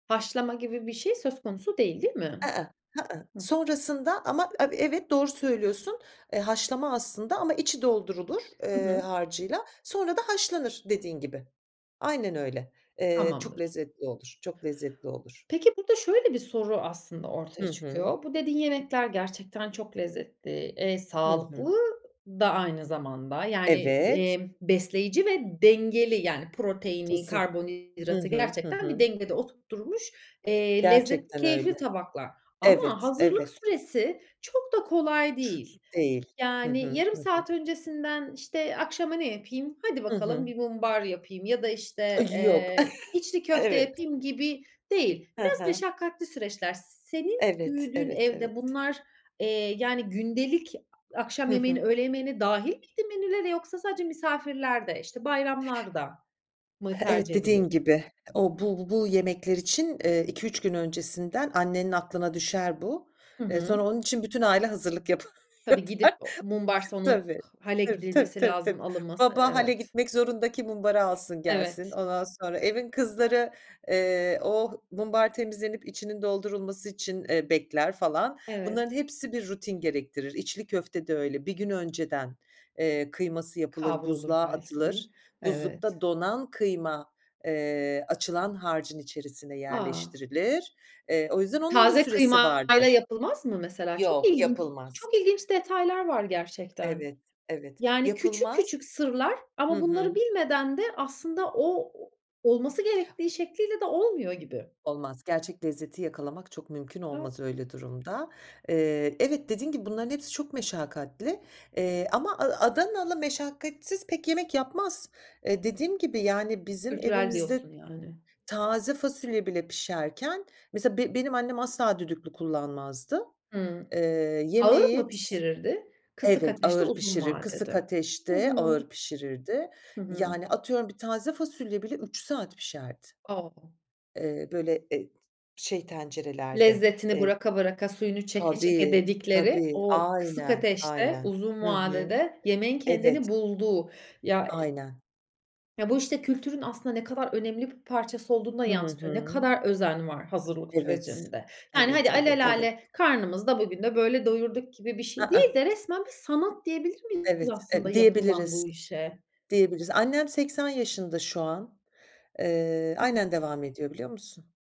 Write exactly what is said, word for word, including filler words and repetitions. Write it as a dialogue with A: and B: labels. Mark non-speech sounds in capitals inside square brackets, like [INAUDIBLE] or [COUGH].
A: Haşlama gibi bir şey söz konusu değil, değil mi? Hıh.
B: Sonrasında ama e evet doğru söylüyorsun. Eee, haşlama aslında ama içi doldurulur,
A: Hı
B: eee,
A: hı.
B: harcıyla sonra da haşlanır dediğin gibi, aynen öyle. Eee, çok
A: Tamamdır.
B: lezzetli olur, çok lezzetli olur.
A: Peki burada şöyle bir soru aslında
B: Hı
A: ortaya
B: hı.
A: çıkıyor. Bu dediğin yemekler gerçekten çok lezzetli. Eee,
B: Hı hı.
A: sağlıklı da aynı zamanda. Yani,
B: Evet.
A: eee, besleyici ve dengeli yani proteini,
B: Kesin. Hı
A: karbonhidratı
B: hı. Hı
A: gerçekten bir
B: hı.
A: dengede oturtturmuş, eee, lezzetli
B: Gerçekten
A: keyifli
B: öyle.
A: tabaklar. Ama
B: Evet,
A: hazırlık
B: evet.
A: süresi çok da kolay
B: [UNINTELLIGIBLE]
A: değil.
B: değil. Hı
A: Yani
B: hı.
A: yarım
B: Hı hı.
A: saat öncesinden işte akşama ne yapayım? Hadi
B: Hı
A: bakalım
B: hı.
A: bir mumbar yapayım ya da
B: A,
A: işte,
B: yok.
A: eee,
B: [CHUCKLES]
A: içli köfte
B: Evet.
A: yapayım gibi değil.
B: Hı
A: Biraz
B: hı.
A: meşakkatli süreçler. Senin
B: Evet,
A: büyüdüğün
B: evet,
A: evde
B: evet.
A: bunlar, eee, yani, gündelik
B: Hı
A: akşam yemeğine
B: hı.
A: öğle yemeğine dâhil miydi menülere yoksa sadece misafirlerde, işte, bayramlarda mı
B: Evet,
A: tercih
B: dediğin
A: edilirdi?
B: gibi, o bu bu yemekler için, eee, iki üç gün öncesinden annenin aklına düşer bu.
A: Hı
B: Eee, sonra
A: hı.
B: onun için bütün aile hazırlık yapar
A: Tabii, gidip,
B: yapar.
A: o mumbarsa onu
B: Tabii.
A: h hale
B: Tabii, tabii,
A: gidilmesi
B: tabii,
A: lazım,
B: tabii.
A: alınması,
B: Baba hâle
A: evet.
B: gitmek zorunda ki mumbarı alsın gelsin.
A: Evet.
B: Ondan sonra evin kızları, eee, o mumbar temizlenip içinin doldurulması için, eee, bekler, falan. Bunların
A: Evet.
B: hepsi bir rutin gerektirir. İçli köfte de öyle bir gün önceden, eee, kıyması yapılır,
A: Kavrulur
B: buzluğa
A: belki.
B: atılır.
A: Evet.
B: Buzlukta donan kıyma, eee, açılan harcın içerisine
A: A!
B: yerleştirilir. Eee, o yüzden onun da
A: Taze
B: süresi
A: kıymayla
B: vardır.
A: yapılmaz mı mesela? Çok
B: Yok
A: ilginç.
B: yapılmaz.
A: Çok ilginç detaylar var gerçekten.
B: Evet, evet
A: Yani, küçük
B: yapılmaz
A: küçük sırlar
B: Hı
A: ama bunları
B: hı.
A: bilmeden de aslında o o olması gerektiği şekliyle de olmuyor gibi.
B: Olmaz, gerçek lezzeti yakalamak çok mümkün
A: A!
B: olmaz öyle durumda. Eee, evet, dediğin gibi bunların hepsi çok meşakkatli. Eee, ama A Adanalı meşakkatsiz pek yemek yapmaz. Eee, dediğim gibi yani bizim
A: Kültürel
B: evimizde
A: diyorsun, yani.
B: taze fasulye bile pişerken mesela be benim annem asla düdüklü kullanmazdı.
A: Hımm.
B: Eee,
A: Ağır mı
B: yemeği s
A: pişirirdi? Kısık
B: Evet,
A: ateşte
B: ağır
A: uzun
B: pişirir, kısık
A: vadede. Hı
B: ateşte
A: hı.
B: ağır pişirirdi.
A: Hı hı.
B: Yani, atıyorum, bir taze fasulye bile üç saat pişerdi.
A: O!
B: Eee, böyle, e t şey tencerelerde.
A: Lezzetini
B: Eee
A: bıraka bıraka, suyunu çeke çeke
B: Tabii,
A: dedikleri,
B: tabii,
A: o kısık
B: aynen,
A: ateşte,
B: aynen.
A: uzun
B: Hı hı.
A: vadede, yemeğin
B: Evet.
A: kendini bulduğu. Ya
B: Aynen.
A: Ya, bu, işte, kültürün aslında ne kadar önemli bir parçası olduğunu da
B: Hı
A: yansıtıyor. Ne
B: hı.
A: kadar özen var hazırlık
B: Evet,
A: sürecinde. Yani,
B: evet,
A: hadi,
B: evet, evet.
A: alelâle karnımızda bugün de böyle doyurduk gibi bir
B: A,
A: şey değil
B: a!
A: de resmen bir sanat diyebilir miyiz
B: Evet,
A: aslında
B: e
A: yapılan
B: diyebiliriz,
A: bu işe?
B: diyebiliriz. Annem seksen yaşında şu an. Eee,
A: Hı hı.
B: aynen devam ediyor, biliyor musun.